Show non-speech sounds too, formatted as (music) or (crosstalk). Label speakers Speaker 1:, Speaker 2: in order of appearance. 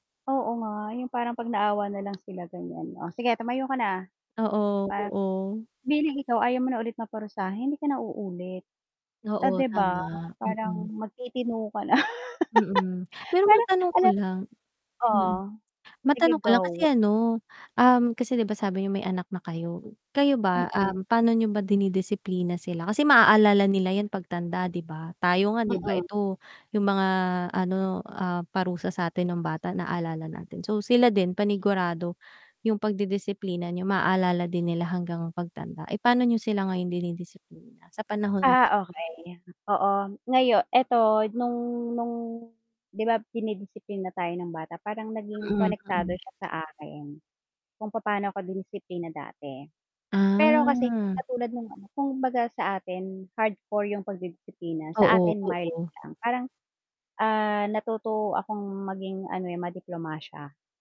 Speaker 1: Oo nga, yung parang pag naawa na lang sila ganyan o sige tumayo ka na. Parang
Speaker 2: Oo, oo.
Speaker 1: bilang ikaw ayaw mo na ulit maparusa hindi ka na uulit. Ah,
Speaker 2: Oo,
Speaker 1: 'di ba
Speaker 2: tama.
Speaker 1: parang
Speaker 2: Mm.
Speaker 1: magtitino ka na.
Speaker 2: Mm.
Speaker 1: (chuckles)
Speaker 2: Pero
Speaker 1: Parang
Speaker 2: matanong ko
Speaker 1: alam,
Speaker 2: lang,
Speaker 1: o,
Speaker 2: hmm.
Speaker 1: sige
Speaker 2: Matanong ko lang kasi
Speaker 1: go.
Speaker 2: ano, um, kasi 'di ba sabi niyo may anak na kayo, kayo ba,
Speaker 1: Mm.
Speaker 2: um, pa'no niyo ba dinidisiplina sila? Kasi maaalala nila yan pagtanda 'di ba, tayo nga 'di ba
Speaker 1: Mm.
Speaker 2: ito, yung mga ano, ah, parusa satin nung bata naalala natin, so sila din panigurado yung pagdidisiplina niyo maalala din nila hanggang pagtanda. Eh, pano niyo sila ngayon dinidisiplina sa panahon?
Speaker 1: Ah, okey. Oo, ngayo eto nung nung, 'di ba dinidisiplina tayo ng bata parang naging
Speaker 2: Mm.
Speaker 1: konektado
Speaker 2: Mm.
Speaker 1: siya sa akin. Kung papaano ko dinisiplina dati, pero kasi hindi
Speaker 2: Ah.
Speaker 1: katulad nung ano, kung baga sa atin hardcore yung pagdidisiplina, sa
Speaker 2: Oo.
Speaker 1: atin mild
Speaker 2: Oo.
Speaker 1: lang, parang, ah, natuto akong maging ano, eh, madiplomasya.